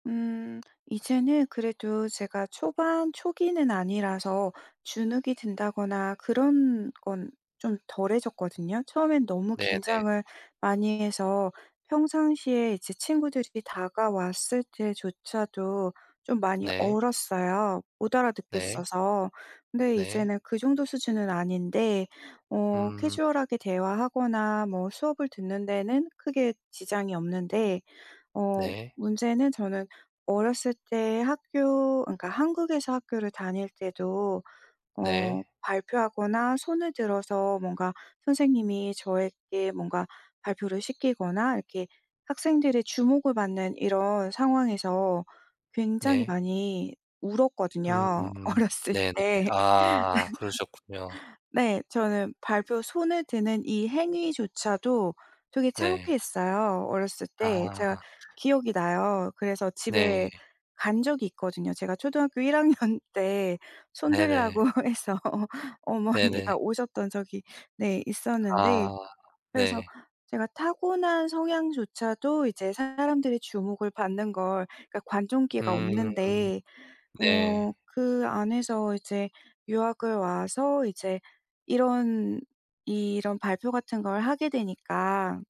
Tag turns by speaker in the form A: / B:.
A: 음. 이제는 그래도 제가 초반 초기는 아니라서 주눅이 든다거나 그런 건 좀 덜해졌거든요. 처음엔 너무
B: 네네.
A: 긴장을 많이 해서 평상시에 이제 친구들이 다가왔을 때조차도 좀 많이
B: 네.
A: 얼었어요. 못
B: 네.
A: 알아듣겠어서. 근데
B: 네.
A: 이제는 그 정도 수준은 아닌데, 어
B: 음.
A: 캐주얼하게 대화하거나 뭐 수업을 듣는 데는 크게 지장이 없는데, 어
B: 네.
A: 문제는 저는 어렸을 때 학교 그러니까 한국에서 학교를 다닐 때도
B: 네.
A: 어 발표하거나 손을 들어서 뭔가 선생님이 저에게 뭔가 발표를 시키거나 이렇게 학생들의 주목을 받는 이런 상황에서 굉장히
B: 네.
A: 많이 울었거든요,
B: 음음음
A: 어렸을
B: 네네.
A: 때
B: 아 그러셨군요.
A: 네. 저는 발표 손을 드는 이 행위조차도 되게
B: 네.
A: 창피했어요, 어렸을 때. 제가
B: 아.
A: 기억이 나요. 그래서 집에
B: 네.
A: 간 적이 있거든요. 제가 초등학교 1 학년 때 손
B: 네네.
A: 들라고 해서
B: 네네.
A: 어머니가 오셨던 적이 네 있었는데
B: 아
A: 그래서
B: 네.
A: 제가 타고난 성향조차도 이제 사람들의 주목을 받는 걸 그러니까 관종기가
B: 음
A: 없는데 어
B: 네.
A: 그 안에서 이제 유학을 와서 이제 이런 이런 발표 같은 걸 하게 되니까